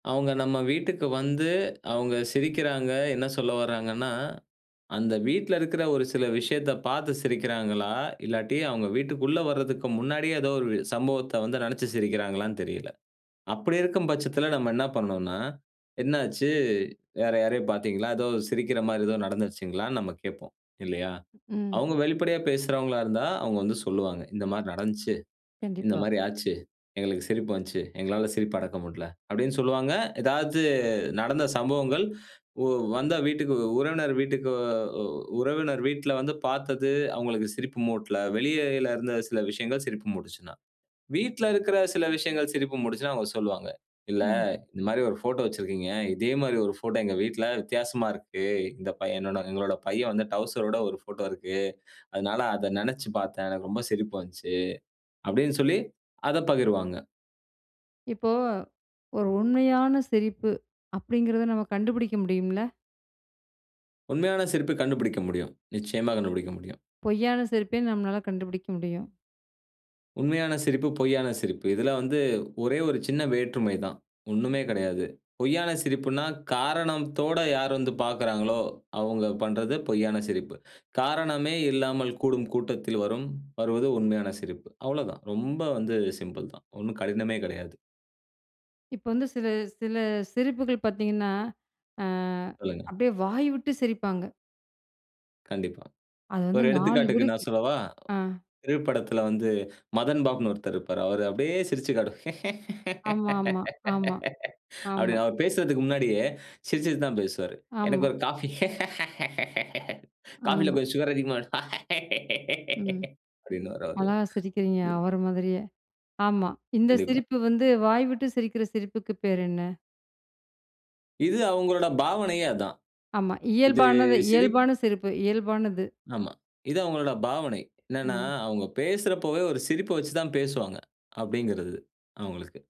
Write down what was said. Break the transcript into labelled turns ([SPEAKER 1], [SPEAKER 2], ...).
[SPEAKER 1] அவுங்க நம்ம வீட்டுக்கு வந்து, அவுங்க சிரிக்கிறாங்க, என்ன சொல்ல வராங்கன்னா, அந்த வீட்ல இருக்கிற ஒரு சில விஷயத்த பார்த்து சிரிக்கிறாங்களா? இல்லாட்டி, அவங்க வீட்டுக்குள்ள வரதுக்கு முன்னாடியே ஏதோ ஒரு சம்பவத்த வந்து நெனச்சு சிரிக்கிறாங்களான்னு தெரியல. அப்படி இருக்கும் பட்சத்தில நம்ம என்னா பண்ணனும்னா, என்னாச்சு வேற யாரையோ பார்த்தீங்களா? ஏதோ சிரிக்கிற மாரி ஏதோ நடந்துருச்சுங்களான்னு நம்ம கேட்போம், இல்லையா?
[SPEAKER 2] ம்.
[SPEAKER 1] அவங்க வெளிப்படையா பேசுறவங்களா இருந்தா, அவங்க வந்து சொல்லுவாங்க. "இந்த மாரி நடந்துச்சு, இந்த
[SPEAKER 2] கண்டிப்பா.
[SPEAKER 1] மாரி ஆச்சு. எங்களுக்கு சிரிப்பு வந்துச்சு. எங்களால சிரிப்ப அடக்க முடியல." அப்படீன்னு சொல்லுவாங்க. ஏதாச்சு நடந்த சம்பவங்கள் ஒ வந்தா வீட்டுக்கு உறவினர் வீட்டுக்கு அ உறவினர் வீட்ல வந்து பார்த்தது, அவங்களுக்கு சிரிப்பு மூட்டல. வெளியிலருந்த சில விஷயங்கள் சிரிப்பு மூட்டுச்சுனா. வீட்ல இருக்கிற சில விஷயங்கள் சிரிப்பு மூட்டுச்சுனா அவுங்க சொல்லுவாங்க, "இல்ல,
[SPEAKER 2] ம்.
[SPEAKER 1] இந்த மாரி ஒரு ஃபோட்டோ வெச்சிருக்கீங்க. இதே மாரி ஒரு ஃபோட்டோ எங்க வீட்ல வித்தியாசமா இருக்கு. இந்த பையன நாங்க எங்களோட பையன் வந்து டவுசரோட ஒரு ஃபோட்டோ இருக்கு. அதனால அத நெனச்சு பார்த்தேன். எனக்கு ரொம்ப சிரிப்பு வந்துச்சு." அப்படீன்னு சொல்லி அதப் பகிர்வாங்க.
[SPEAKER 2] இப்போ, "ஒரு உண்மையான சிரிப்பு" அப்படீங்கிறத நம்ம கண்டுபுடிக்க முடியும்ல்ல?
[SPEAKER 1] உண்மையான சிரிப்பு கண்டுபுடிக்க முடியும். நிச்சயமா கண்டுபுடிக்க முடியும்.
[SPEAKER 2] பொய்யான சிரிப்பையும் நம்மளால கண்டுபுடிக்க முடியும்.
[SPEAKER 1] உண்மையான சிரிப்பு, பொய்யான சிரிப்பு இதில வந்து ஒரே ஒரு சின்ன வேற்றுமை தான். ஒண்ணுமே கெடையாது. பொய்யான சிரிப்புன்னா, காரணத்தோட யார் வந்து பார்க்கிறாங்களோ, அவங்க பண்றது பொய்யான சிரிப்பு. காரணமே இல்லாமல் கூடும் கூட்டத்தில் வரும் வருவது உண்மையான சிரிப்பு. அவ்வளவுதான், ரொம்ப வந்து சிம்பிள் தான். ஒன்னும் கடினமே கெடையாது.
[SPEAKER 2] இப்ப வந்து சில சில சிரிப்புகள் பார்த்தீங்கன்னா, அ
[SPEAKER 1] சொல்லுங்க.
[SPEAKER 2] அப்படியே வாய் விட்டு சிரிப்பாங்க.
[SPEAKER 1] கண்டிப்பா.
[SPEAKER 2] அது வந்து
[SPEAKER 1] ஒரு
[SPEAKER 2] 4
[SPEAKER 1] எடுத்துக்காட்டுக்கு
[SPEAKER 2] வீடுக்கு
[SPEAKER 1] நான் சொல்லவா?
[SPEAKER 2] ஆ.
[SPEAKER 1] திரைப்படத்தில வந்து மதன் பாபுன்னு ஒருத்தர் இருப்பாரு. அவர அப்படியே சிரிச்சுக் காட்டு
[SPEAKER 2] ஆமாமா. ஆமா.
[SPEAKER 1] அப்படி
[SPEAKER 2] ஆமா.
[SPEAKER 1] அவரு பேசுறதுக்கு முன்னாடியே, சிரிச்சுட்டு தான் பேசுவாரு. "எனக்கு
[SPEAKER 2] ஆமா.
[SPEAKER 1] ஒரு காஃபி. காஃபில
[SPEAKER 2] ஆமா.
[SPEAKER 1] கொஞ்சம் சுகர் அதிகமா இரு"
[SPEAKER 2] ம்.
[SPEAKER 1] அப்படின்னுவாரு
[SPEAKER 2] அழகா சிரிக்கிறீங்க.
[SPEAKER 1] அவரு.
[SPEAKER 2] அவர மாதிரியே. ஆமா. இந்த
[SPEAKER 1] கண்டிப்பா.
[SPEAKER 2] சிரிப்பு வந்து வாய்விட்டு சிரிக்கிற சிரிப்புக்கு பேர் என்ன?
[SPEAKER 1] இது அவங்களோட பாவனையே அதான்.
[SPEAKER 2] ஆமா,
[SPEAKER 1] இது
[SPEAKER 2] இயல்பானது.
[SPEAKER 1] சிரிப்
[SPEAKER 2] இயல்பான சிரிப்பு. இயல்பானது.
[SPEAKER 1] ஆமா. இது அவங்களோட பாவனை. என்னன்னா
[SPEAKER 2] ம்.
[SPEAKER 1] அவங்க பேசுறப்பவே ஒரு சிரிப்ப வச்சு தான் பேசுவாங்க. அப்படீங்கிறது அவங்களுக்கு.